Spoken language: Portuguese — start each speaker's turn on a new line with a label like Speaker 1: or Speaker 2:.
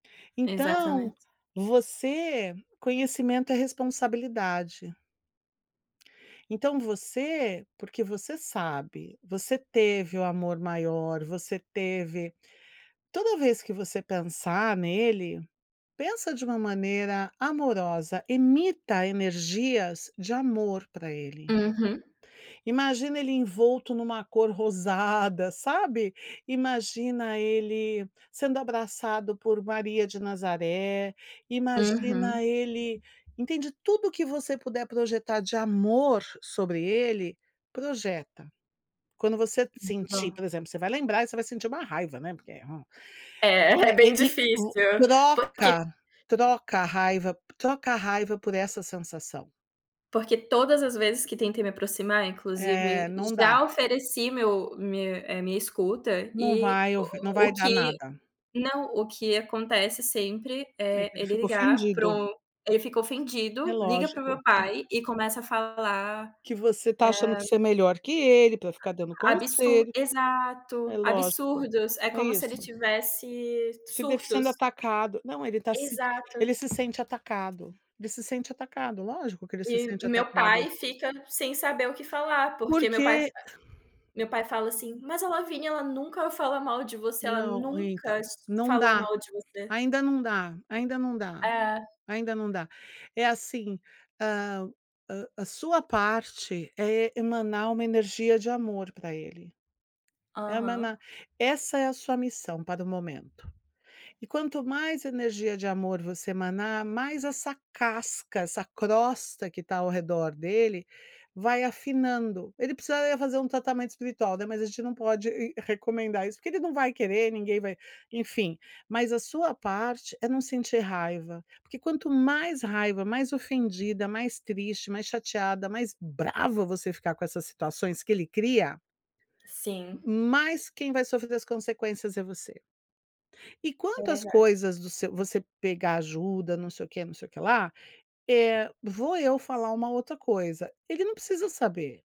Speaker 1: Então,
Speaker 2: Exatamente.
Speaker 1: você conhecimento é responsabilidade. Então você, porque você sabe, você teve o amor maior, você teve toda vez que você pensar nele, pensa de uma maneira amorosa, emita energias de amor para ele.
Speaker 2: Uhum.
Speaker 1: Imagina ele envolto em uma cor rosada, sabe, imagina ele sendo abraçado por Maria de Nazaré,
Speaker 2: Uhum.
Speaker 1: imagina ele entende tudo o que você puder projetar de amor sobre ele, projeta. Quando você
Speaker 2: Muito
Speaker 1: sentir
Speaker 2: bom.
Speaker 1: por exemplo você vai lembrar você vai sentir uma raiva, né, porque é,
Speaker 2: É é
Speaker 1: e
Speaker 2: bem
Speaker 1: e
Speaker 2: difícil, porque
Speaker 1: troca, troca a raiva, troca a raiva por essa sensação.
Speaker 2: porque todas as vezes que tentei me aproximar
Speaker 1: É,
Speaker 2: inclusive,
Speaker 1: não dá.
Speaker 2: já ofereci meu minha, eh, minha escuta
Speaker 1: Não
Speaker 2: e
Speaker 1: vai ouvi, não
Speaker 2: o
Speaker 1: vai
Speaker 2: o o
Speaker 1: dar
Speaker 2: que
Speaker 1: nada.
Speaker 2: não, o que acontece sempre
Speaker 1: É
Speaker 2: é
Speaker 1: que ele
Speaker 2: ele
Speaker 1: fica
Speaker 2: ligar para
Speaker 1: ofendido.
Speaker 2: o ele fica
Speaker 1: É
Speaker 2: ofendido, liga para o meu
Speaker 1: lógico.
Speaker 2: pai e começa a falar,
Speaker 1: Que você está achando
Speaker 2: eh
Speaker 1: que você é melhor que ele para ficar dando
Speaker 2: absur
Speaker 1: conselho.
Speaker 2: exato,
Speaker 1: É lógico,
Speaker 2: absurdos, é
Speaker 1: é
Speaker 2: como se
Speaker 1: isso.
Speaker 2: ele tivesse
Speaker 1: Se deve sendo
Speaker 2: surtos.
Speaker 1: atacado, não ele está se
Speaker 2: Exato.
Speaker 1: ele se sente atacado, ele se sente atacado, lógico que ele se
Speaker 2: E
Speaker 1: sente
Speaker 2: meu
Speaker 1: atacado.
Speaker 2: pai fica sem saber o que falar, porque meu pai
Speaker 1: Porque
Speaker 2: meu pai fala assim,
Speaker 1: [unintelligible]
Speaker 2: mas a Lavina ela nunca fala mal de você, ela
Speaker 1: Não
Speaker 2: nunca
Speaker 1: então, não
Speaker 2: falou
Speaker 1: dá,
Speaker 2: mal de você.
Speaker 1: ainda não dá, ainda não dá,
Speaker 2: É.
Speaker 1: ainda não dá, é assim, ah, a a sua parte é emanar uma energia de amor pra ele,
Speaker 2: Aham.
Speaker 1: emana essa é a sua missão para o momento. E quanto mais energia de amor você emanar, mais essa casca, essa crosta que tá ao redor dele, vai afinando, ele precisaria fazer um tratamento espiritual, né, mas a gente não pode recomendar isso porque ele não vai querer ninguém vai enfim, mas a sua parte é não sentir raiva, porque quanto mais raiva, mais ofendida, mais triste, mais chateada, mais brava você ficar com essas situações que ele cria,
Speaker 2: Sim.
Speaker 1: mais quem vai sofrer as consequências é você. E
Speaker 2: É
Speaker 1: quanto às
Speaker 2: verdade.
Speaker 1: coisas do seu você pegar ajuda não sei o quê, não sei o que lá, eh, vou eu falar uma outra coisa, ele não precisa saber.